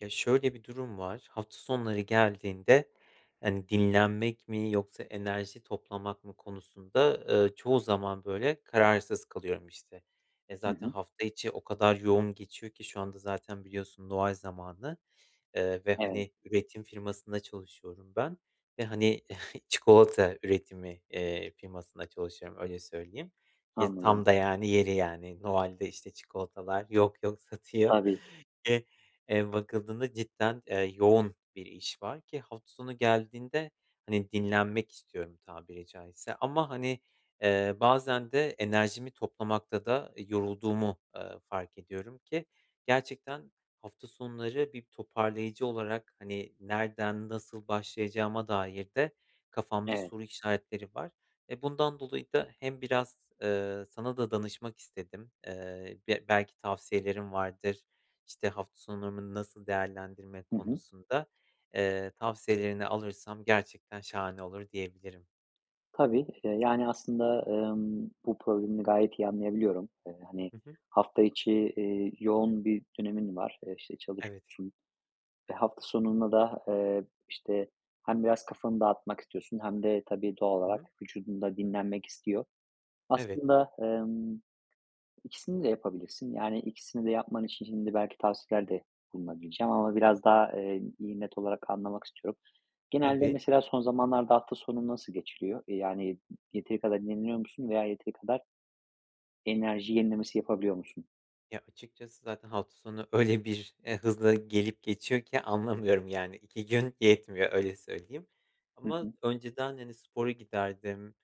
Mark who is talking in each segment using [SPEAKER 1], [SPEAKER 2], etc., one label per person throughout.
[SPEAKER 1] Ya, şöyle bir durum var, hafta sonları geldiğinde, hani, dinlenmek mi yoksa enerji toplamak mı konusunda, ııı, çoğu zaman, böyle, kararsız kalıyorum, işte. E,
[SPEAKER 2] Hı
[SPEAKER 1] zaten
[SPEAKER 2] hı.
[SPEAKER 1] hafta içi o kadar yoğun geçiyor ki, şu anda zaten biliyorsun, Noel zamanı, eee, ve,
[SPEAKER 2] Evet.
[SPEAKER 1] hani, üretim firmasında çalışıyorum ben ve, hani, çikolata üretimi, eee, firmasında çalışıyorum, öyle söyleyeyim. Ye
[SPEAKER 2] Anladım.
[SPEAKER 1] tam da, yani, yeri, yani, Noel'de, işte, çikolatalar yok yok satıyor.
[SPEAKER 2] Tabii.
[SPEAKER 1] E eee, bakıldığında cidden, eee, yoğun bir iş var ki hafta sonu geldiğinde, hani, dinlenmek istiyorum, tabiri caizse. Ama, hani, eee, bazen de enerjimi toplamakta da yorulduğumu, eee, fark ediyorum ki gerçekten hafta sonları bir toparlayıcı olarak, hani, nereden nasıl başlayacağıma dair de kafamda
[SPEAKER 2] Evet.
[SPEAKER 1] soru işaretleri var. E, bundan dolayı da hem biraz, eee, sana da danışmak istedim. Eee, b belki tavsiyelerin vardır, işte, hafta sonumu nasıl değerlendirme
[SPEAKER 2] Hı hı.
[SPEAKER 1] konusunda. Eee, tavsiyelerini alırsam gerçekten şahane olur diyebilirim.
[SPEAKER 2] Tabii. Iıı, yani, aslında, ımm, bu problemini gayet iyi anlayabiliyorum. Iıı, hani,
[SPEAKER 1] Hı hı.
[SPEAKER 2] hafta içi, ııı, yoğun bir dönemin var. Eee, işte
[SPEAKER 1] Evet.
[SPEAKER 2] çalışıyorsun. Ve hafta sonunda da, eee, işte hem biraz kafanı dağıtmak istiyorsun hem de tabii doğal
[SPEAKER 1] Hı
[SPEAKER 2] olarak
[SPEAKER 1] hı.
[SPEAKER 2] vücudun da dinlenmek istiyor.
[SPEAKER 1] Evet.
[SPEAKER 2] Aslında, ımm, 2' sini de yapabilirsin. Yani 2' sini de yapman için şimdi belki tavsiyelerde bulunabileceğim. Ama biraz daha, eee, iyi, net olarak anlamak istiyorum. Genelde,
[SPEAKER 1] Tabii.
[SPEAKER 2] mesela, son zamanlarda hafta sonun nasıl geçiliyor? Yani, yeteri kadar dinleniyor musun? Veya yeteri kadar enerji yenilemesi yapabiliyor musun?
[SPEAKER 1] Ya, açıkçası zaten hafta sonu öyle bir, eee, hızla gelip geçiyor ki anlamıyorum, yani, 2 gün yetmiyor öyle söyleyeyim.
[SPEAKER 2] Hı
[SPEAKER 1] Ama
[SPEAKER 2] hı.
[SPEAKER 1] önceden, hani, spora giderdim,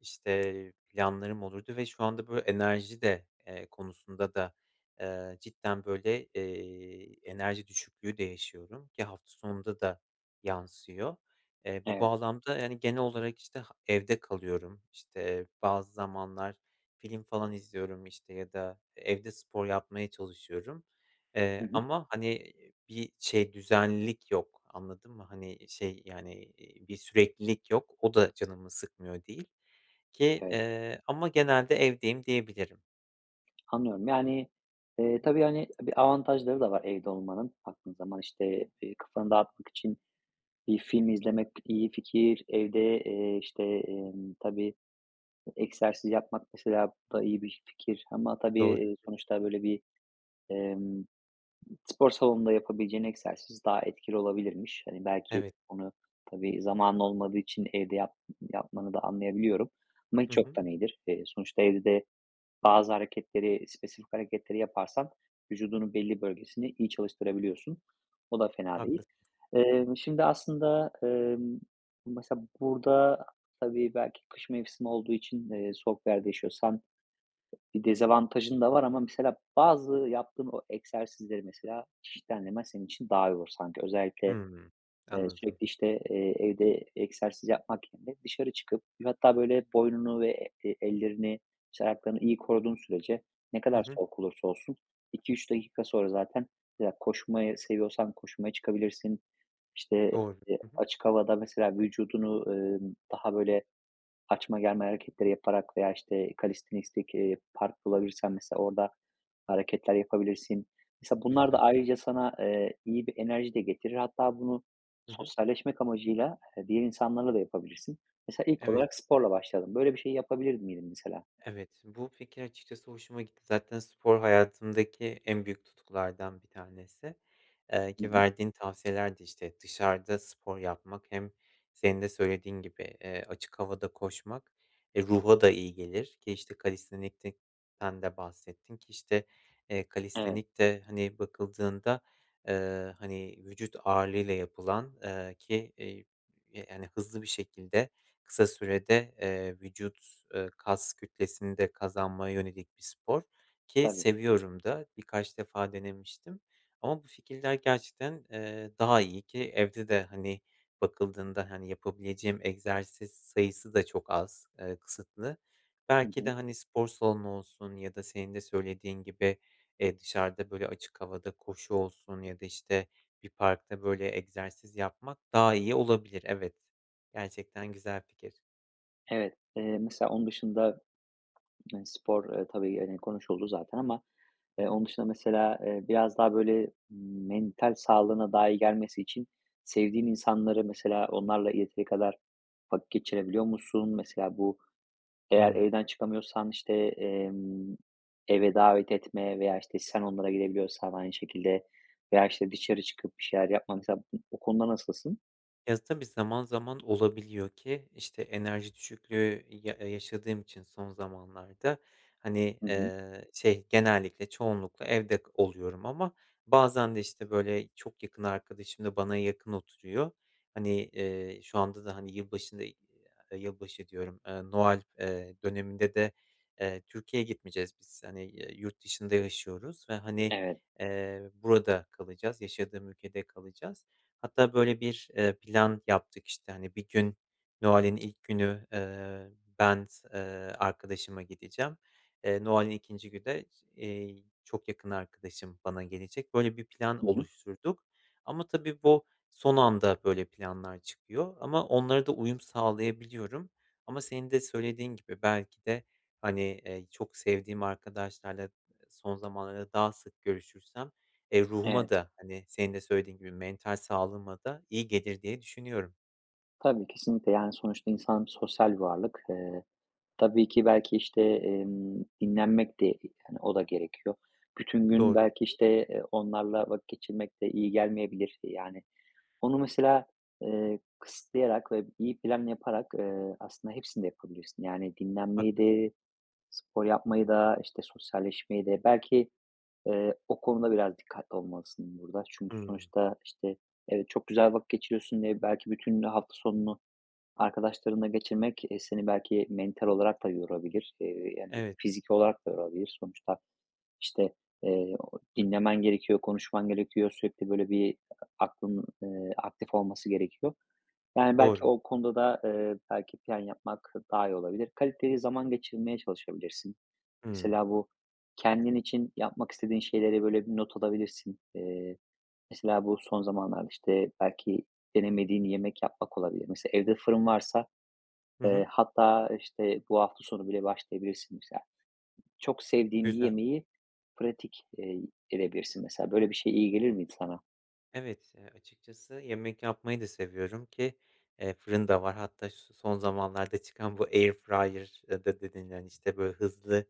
[SPEAKER 1] işte, planlarım olurdu ve şu anda böyle enerji de, eee, konusunda da, eee, cidden böyle, eee, enerji düşüklüğü de yaşıyorum ki hafta sonunda da yansıyor. Eee, bu
[SPEAKER 2] Evet.
[SPEAKER 1] bağlamda, yani, genel olarak işte h evde kalıyorum, işte bazı zamanlar film falan izliyorum, işte, ya da evde spor yapmaya çalışıyorum.
[SPEAKER 2] Hı
[SPEAKER 1] Eee,
[SPEAKER 2] hı.
[SPEAKER 1] ama, hani, bir şey, düzenlilik yok anladın mı? Hani, şey, yani, eee, bir süreklilik yok. O da canımı sıkmıyor değil ki,
[SPEAKER 2] Evet.
[SPEAKER 1] eee, ama genelde evdeyim diyebilirim.
[SPEAKER 2] Anlıyorum. Yani, eee, tabii, hani, bir avantajları da var evde olmanın, baktığın zaman. İşte, eee, kafanı dağıtmak için bir film izlemek iyi fikir. Evde, eee, işte, emm, tabii, egzersiz yapmak, mesela, bu da iyi bir fikir. Ama, tabii,
[SPEAKER 1] Doğru.
[SPEAKER 2] eee, sonuçta, böyle, bir, emm, spor salonunda yapabileceğin egzersiz daha etkili olabilirmiş. Hani, belki
[SPEAKER 1] Evet.
[SPEAKER 2] onu, tabii, zamanın olmadığı için evde yap yapmanı da anlayabiliyorum. Ama
[SPEAKER 1] Hı
[SPEAKER 2] hiç
[SPEAKER 1] hı.
[SPEAKER 2] yoktan iyidir. Eee, sonuçta evde de bazı hareketleri, spesifik hareketleri yaparsan vücudunun belli bölgesini iyi çalıştırabiliyorsun. O da fena değil.
[SPEAKER 1] Haklısın. Hı hı.
[SPEAKER 2] Emm, şimdi aslında, emm, mesela burada, tabii, belki kış mevsimi olduğu için, eee, soğuk yerde yaşıyorsan bir dezavantajın da var ama, mesela, bazı yaptığın o egzersizleri, mesela, çeşitlendirmen senin için daha iyi olur sanki. Özellikle,
[SPEAKER 1] Hıı.
[SPEAKER 2] eee,
[SPEAKER 1] Anladım.
[SPEAKER 2] sürekli, işte, eee, evde egzersiz yapmak yerine dışarı çıkıp, hatta, böyle, boynunu ve e ellerini, işte, ayaklarını iyi koruduğun sürece ne
[SPEAKER 1] Hı
[SPEAKER 2] kadar
[SPEAKER 1] hı.
[SPEAKER 2] soğuk olursa olsun 2-3 dakika sonra zaten ya, koşmayı seviyorsan koşmaya çıkabilirsin. İşte,
[SPEAKER 1] Doğru.
[SPEAKER 2] eee,
[SPEAKER 1] Hı hı.
[SPEAKER 2] açık havada, mesela, vücudunu, emm, daha, böyle, açma, germe hareketleri yaparak veya, işte, kalistenistik, eee, park bulabilirsen, mesela, orada hareketler yapabilirsin. Mesela, bunlar da
[SPEAKER 1] Güzel.
[SPEAKER 2] ayrıca sana, eee, iyi bir enerji de getirir. Hatta, bunu
[SPEAKER 1] Hı hı.
[SPEAKER 2] sosyalleşmek amacıyla, eee, diğer insanlarla da yapabilirsin. Mesela, ilk
[SPEAKER 1] Evet.
[SPEAKER 2] olarak sporla başladın. Böyle bir şeyi yapabilir miydin, mesela?
[SPEAKER 1] Evet, bu fikir açıkçası hoşuma gitti. Zaten spor hayatımdaki en büyük tutkulardan bir tanesi. Eee,
[SPEAKER 2] Hı
[SPEAKER 1] ki
[SPEAKER 2] hı.
[SPEAKER 1] verdiğin tavsiyelerde, işte, dışarıda spor yapmak, hem senin de söylediğin gibi, eee, açık havada koşmak, eee, ruha da iyi gelir ki, işte, kalistenik'ten de bahsettin ki, işte, eee,
[SPEAKER 2] Evet.
[SPEAKER 1] kalistenikte, hani, bakıldığında, eee, hani, vücut ağırlığıyla yapılan, eee, ki, eee, hani, hızlı bir şekilde, kısa sürede, eee, vücut, eee, kas kütlesini de kazanmaya yönelik bir spor ki
[SPEAKER 2] Tabii.
[SPEAKER 1] seviyorum da, birkaç defa denemiştim. Ama bu fikirler gerçekten, eee, daha iyi ki evde de, hani, bakıldığında, hani, yapabileceğim egzersiz sayısı da çok az, eee, kısıtlı.
[SPEAKER 2] Hı
[SPEAKER 1] Belki de,
[SPEAKER 2] hı.
[SPEAKER 1] hani, spor salonu olsun ya da senin de söylediğin gibi, eee, dışarıda, böyle, açık havada koşu olsun ya da, işte, bir parkta, böyle, egzersiz yapmak daha iyi olabilir, evet. Gerçekten güzel fikir.
[SPEAKER 2] Evet, eee, mesela, onun dışında, hani, spor, eee, tabii, eee, konuşuldu zaten ama,
[SPEAKER 1] Hı
[SPEAKER 2] eee,
[SPEAKER 1] hı.
[SPEAKER 2] onun dışında, mesela, eee, biraz daha, böyle, mental sağlığına daha iyi gelmesi için sevdiğin insanları, mesela, onlarla yeteri kadar vakit geçirebiliyor musun? Mesela, bu, eğer
[SPEAKER 1] Hı.
[SPEAKER 2] evden çıkamıyorsan, işte, emm, eve davet etme veya, işte, sen onlara gidebiliyorsan aynı şekilde veya, işte, dışarı çıkıp bir şeyler yapma, mesela. Bu o konuda nasılsın?
[SPEAKER 1] Ya tabii zaman zaman olabiliyor ki, işte enerji düşüklüğü ya yaşadığım için son zamanlarda hani,
[SPEAKER 2] Hı hı.
[SPEAKER 1] eee, şey genellikle, çoğunlukla evde oluyorum ama bazen de işte, böyle, çok yakın arkadaşım da bana yakın oturuyor. Hani, eee, şu anda da hani yılbaşında, eee, yılbaşı diyorum, eee, Noel, eee, döneminde de, eee, Türkiye'ye gitmeyeceğiz biz. Hani ya yurt dışında yaşıyoruz ve hani,
[SPEAKER 2] Evet.
[SPEAKER 1] eee, burada kalacağız, yaşadığım ülkede kalacağız. Hatta böyle 1 eee, plan yaptık. İşte hani 1 gün, Noel'in ilk günü, eee, ben s eee, arkadaşıma gideceğim. Eee, Noel'in 2'nci günü de, iii, çok yakın arkadaşım bana gelecek. Böyle bir
[SPEAKER 2] Hı
[SPEAKER 1] plan
[SPEAKER 2] hı.
[SPEAKER 1] oluşturduk ama tabii bu son anda böyle planlar çıkıyor ama onlara da uyum sağlayabiliyorum. Ama senin de söylediğin gibi belki de, hani, eee, çok sevdiğim arkadaşlarla, eee, son zamanlarda daha sık görüşürsem, eee, ruhuma
[SPEAKER 2] Evet.
[SPEAKER 1] da, hani, senin de söylediğin gibi mental sağlığıma da iyi gelir diye düşünüyorum.
[SPEAKER 2] Tabii. Kesinlikle. Yani, sonuçta insan sosyal bir varlık. Eee, tabii ki, belki, işte, emm, dinlenmek de, eee, hani, o da gerekiyor. Bütün gün,
[SPEAKER 1] Doğru.
[SPEAKER 2] belki, işte, eee, onlarla vakit geçirmek de iyi gelmeyebilir. E, yani, onu mesela, eee, kısıtlayarak ve iyi plan yaparak, eee, aslında hepsini de yapabilirsin. Yani, dinlenmeyi
[SPEAKER 1] Haklısın.
[SPEAKER 2] de, spor yapmayı da, işte, sosyalleşmeyi de. Belki, eee, o konuda biraz dikkatli olmalısın burada. Çünkü,
[SPEAKER 1] Hımm.
[SPEAKER 2] sonuçta, işte, evet, çok güzel vakit geçiriyorsun diye belki bütün hafta sonunu arkadaşlarınla geçirmek, eee, seni belki mental olarak da yorabilir. Eee, yani,
[SPEAKER 1] Evet.
[SPEAKER 2] fiziki olarak da
[SPEAKER 1] [unintelligible]
[SPEAKER 2] yorabilir, sonuçta. İşte, eee, o dinlemen gerekiyor, konuşman gerekiyor, sürekli, böyle, bir aklının, eee, aktif olması gerekiyor. Yani, belki
[SPEAKER 1] Doğru.
[SPEAKER 2] o konuda da, eee, belki plan yapmak daha iyi olabilir. Kaliteli zaman geçirmeye çalışabilirsin.
[SPEAKER 1] Hımm.
[SPEAKER 2] Mesela, bu, kendin için yapmak istediğin şeyleri, böyle, bir not alabilirsin. Eee, mesela, bu son zamanlarda, işte, belki denemediğin yemek yapmak olabilir. Mesela, evde fırın varsa,
[SPEAKER 1] Hı
[SPEAKER 2] eee,
[SPEAKER 1] hı.
[SPEAKER 2] hatta, işte, bu hafta sonu bile başlayabilirsin, mesela. Çok sevdiğin bir
[SPEAKER 1] Güzel.
[SPEAKER 2] yemeği pratik, eee, edebilirsin, mesela. Böyle bir şey iyi gelir miydi sana?
[SPEAKER 1] Evet, eee, açıkçası yemek yapmayı da seviyorum ki, eee, fırın da var. Hatta, şu son zamanlarda çıkan bu air fryer'da dedin, hani, işte, böyle, hızlı,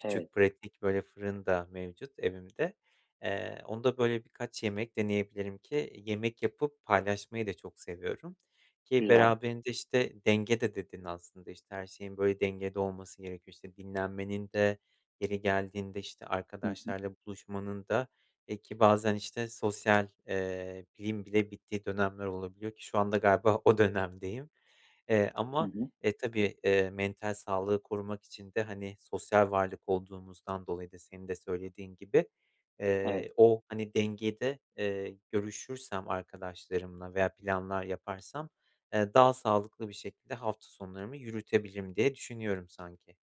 [SPEAKER 2] Evet.
[SPEAKER 1] pratik, böyle, fırın da mevcut evimde. Eee, onda, böyle, birkaç yemek deneyebilirim ki yemek yapıp paylaşmayı da çok seviyorum ki
[SPEAKER 2] Güzel.
[SPEAKER 1] beraberinde, işte, denge de dedin aslında. İşte, her şeyin, böyle, dengede olması gerekiyor. İşte, dinlenmenin de yeri geldiğinde, işte,
[SPEAKER 2] Hı hı.
[SPEAKER 1] arkadaşlarla buluşmanın da, eee, ki bazen, işte, sosyal eee, liğim bile bittiği dönemler olabiliyor ki şu anda galiba o dönemdeyim. Eee,
[SPEAKER 2] Hı
[SPEAKER 1] ama,
[SPEAKER 2] hı.
[SPEAKER 1] e, tabii, eee, mental sağlığı korumak için de, hani, sosyal varlık olduğumuzdan dolayı da senin de söylediğin gibi,
[SPEAKER 2] Evet.
[SPEAKER 1] eee, o, hani, dengede, eee, görüşürsem arkadaşlarımla veya planlar yaparsam, eee, daha sağlıklı bir şekilde hafta sonlarımı yürütebilirim diye düşünüyorum, sanki.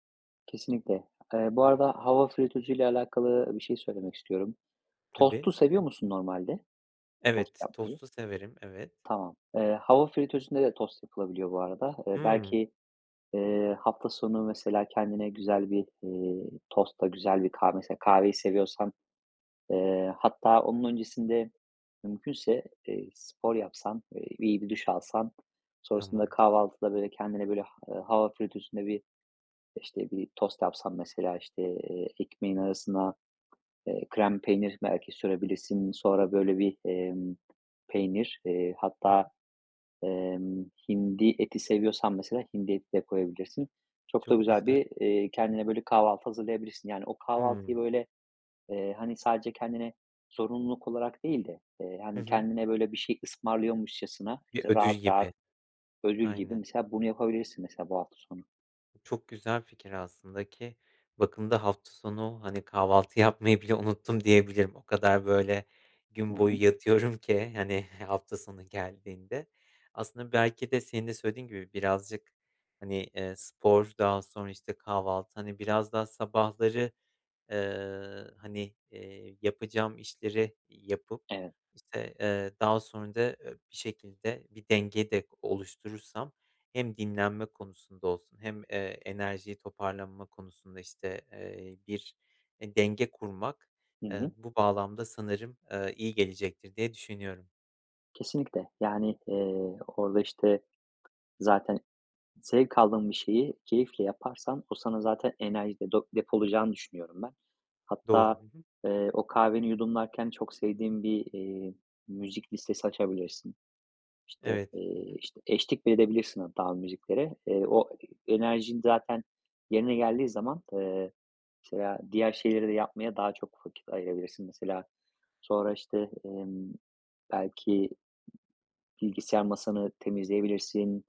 [SPEAKER 2] Kesinlikle. Eee, bu
[SPEAKER 1] Hı hı.
[SPEAKER 2] arada, hava fritözüyle alakalı e bir şey söylemek istiyorum.
[SPEAKER 1] Tabii.
[SPEAKER 2] Tostu seviyor musun normalde? Tost
[SPEAKER 1] Evet,
[SPEAKER 2] yapmayı.
[SPEAKER 1] tostu severim. Evet.
[SPEAKER 2] Tamam. Eee, hava fritözünde de tost yapılabiliyor, bu arada. Eee,
[SPEAKER 1] Hımm.
[SPEAKER 2] belki, eee, hafta sonu, mesela, kendine güzel bir, eee, tostla, güzel bir kahve mesela, kahveyi seviyorsan eee, hatta onun öncesinde mümkünse, eee, spor yapsan, eee, bi bir duş alsan. Sonrasında
[SPEAKER 1] Tamamdır.
[SPEAKER 2] kahvaltıda, böyle, kendine, böyle, ha hava fritözünde bir, işte, bir tost yapsan, mesela, işte, eee, ekmeğin arasına, eee, krem peynir belki sürebilirsin. Sonra, böyle, bir, emm, peynir, eee,
[SPEAKER 1] Hı
[SPEAKER 2] hatta,
[SPEAKER 1] hı.
[SPEAKER 2] emm, hindi eti seviyorsan mesela hindi eti de koyabilirsin. Çok da
[SPEAKER 1] Çok
[SPEAKER 2] güzel
[SPEAKER 1] güzel.
[SPEAKER 2] bir, eee, kendine böyle kahvaltı hazırlayabilirsin. Yani, o kahvaltıyı,
[SPEAKER 1] Hımm.
[SPEAKER 2] böyle, eee, hani, sadece kendine zorunluluk olarak değil de, eee,
[SPEAKER 1] Hı
[SPEAKER 2] hani,
[SPEAKER 1] hı.
[SPEAKER 2] kendine, böyle, bir şey ısmarlıyormuşcasına,
[SPEAKER 1] Bir
[SPEAKER 2] işte,
[SPEAKER 1] ödül
[SPEAKER 2] rahat, rahat
[SPEAKER 1] gibi.
[SPEAKER 2] ödül gibi,
[SPEAKER 1] Aynen.
[SPEAKER 2] mesela, bunu yapabilirsin, mesela, bu hafta sonu.
[SPEAKER 1] Bu çok güzel fikir aslında ki bakımda hafta sonu, hani, kahvaltı yapmayı bile unuttum diyebilirim. O kadar, böyle,
[SPEAKER 2] Hı
[SPEAKER 1] gün
[SPEAKER 2] hı.
[SPEAKER 1] boyu yatıyorum ki, hani, hafta sonu geldiğinde. Aslında belki de senin de söylediğin gibi birazcık, hani, eee, spor daha sonra, işte, kahvaltı, hani, biraz daha sabahları, eee, hani, eee, yapacağım işleri yapıp,
[SPEAKER 2] Evet.
[SPEAKER 1] işte, eee, daha sonra da, eee, bir şekilde bir denge de o oluşturursam hem dinlenme konusunda olsun hem, eee, enerjiyi toparlanma konusunda, işte, eee, bir denge kurmak,
[SPEAKER 2] Hı
[SPEAKER 1] eee,
[SPEAKER 2] hı.
[SPEAKER 1] bu bağlamda sanırım, aaa, iyi gelecektir diye düşünüyorum.
[SPEAKER 2] Kesinlikle. Yani, eee, orada, işte, zaten zevk aldığın bir şeyi keyifle yaparsan o sana zaten enerji de do depolayacağını düşünüyorum ben.
[SPEAKER 1] Doğru.
[SPEAKER 2] Hatta,
[SPEAKER 1] Hı hı.
[SPEAKER 2] eee, o kahveni yudumlarken çok sevdiğin bir, eee, müzik listesi açabilirsin. İşte,
[SPEAKER 1] Evet. Hı
[SPEAKER 2] eee,
[SPEAKER 1] hı.
[SPEAKER 2] işte, eşlik bile edebilirsin hatta o müziklere. Eee, o e enerjin zaten yerine geldiği zaman, eee, mesela diğer şeyleri de yapmaya daha çok vakit ayırabilirsin. Mesela sonra, işte, emm, belki bilgisayar masanı temizleyebilirsin.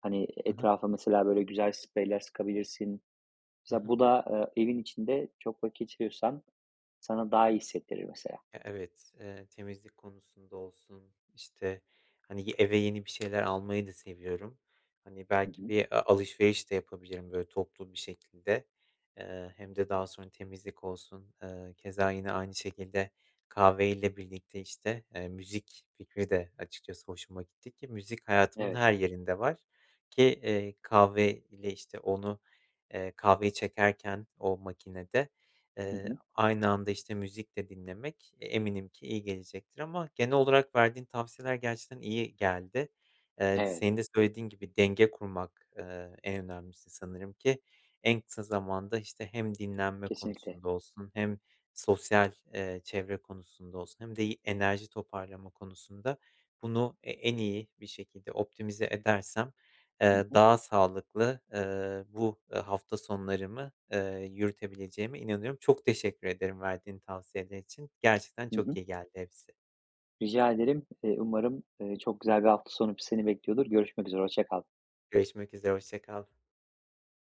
[SPEAKER 2] Hani,
[SPEAKER 1] Hı hı.
[SPEAKER 2] etrafa, mesela, böyle, güzel spreyler sıkabilirsin.
[SPEAKER 1] Hı
[SPEAKER 2] Mesela
[SPEAKER 1] hı.
[SPEAKER 2] bu da, eee, evin içinde çok vakit geçiriyorsan, sana daha iyi hissettirir mesela.
[SPEAKER 1] E evet. Eee, temizlik konusunda olsun, işte, hani, y eve yeni bir şeyler almayı da seviyorum. Hani,
[SPEAKER 2] Hı
[SPEAKER 1] belki
[SPEAKER 2] hı.
[SPEAKER 1] bir a alışveriş de yapabilirim, böyle, toplu bir şekilde. Eee, hem de daha sonra temizlik olsun, eee, keza yine aynı şekilde kahveyle birlikte, işte, eee, müzik fikri de açıkçası hoşuma gitti ki müzik hayatımın
[SPEAKER 2] Evet.
[SPEAKER 1] her yerinde var. Ki, eee, kahve ile, işte, onu, eee, kahveyi çekerken o makinede,
[SPEAKER 2] Hı
[SPEAKER 1] eee,
[SPEAKER 2] hı.
[SPEAKER 1] aynı anda, işte, müzik de dinlemek, eee, eminim ki iyi gelecektir ama genel olarak verdiğin tavsiyeler gerçekten iyi geldi. Eee, t
[SPEAKER 2] Evet.
[SPEAKER 1] senin de söylediğin gibi, denge kurmak, eee, en önemlisi sanırım ki. En kısa zamanda, işte, hem dinlenme
[SPEAKER 2] Kesinlikle.
[SPEAKER 1] konusunda olsun hem sosyal, eee, çevre konusunda olsun hem de i enerji toparlama konusunda bunu e en iyi bir şekilde optimize edersem,
[SPEAKER 2] Hı
[SPEAKER 1] eee,
[SPEAKER 2] hı.
[SPEAKER 1] daha sağlıklı, ııı, bu, eee, hafta sonlarımı, eee, yürütebileceğime inanıyorum. Çok teşekkür ederim verdiğin tavsiyeler için. Gerçekten
[SPEAKER 2] Hı
[SPEAKER 1] çok
[SPEAKER 2] hı.
[SPEAKER 1] iyi geldi hepsi.
[SPEAKER 2] Rica ederim. Eee, umarım, eee, çok güzel bir hafta sonu pi seni bekliyordur. Görüşmek üzere. Hoşça kal.
[SPEAKER 1] Görüşmek üzere. Hoşça kal.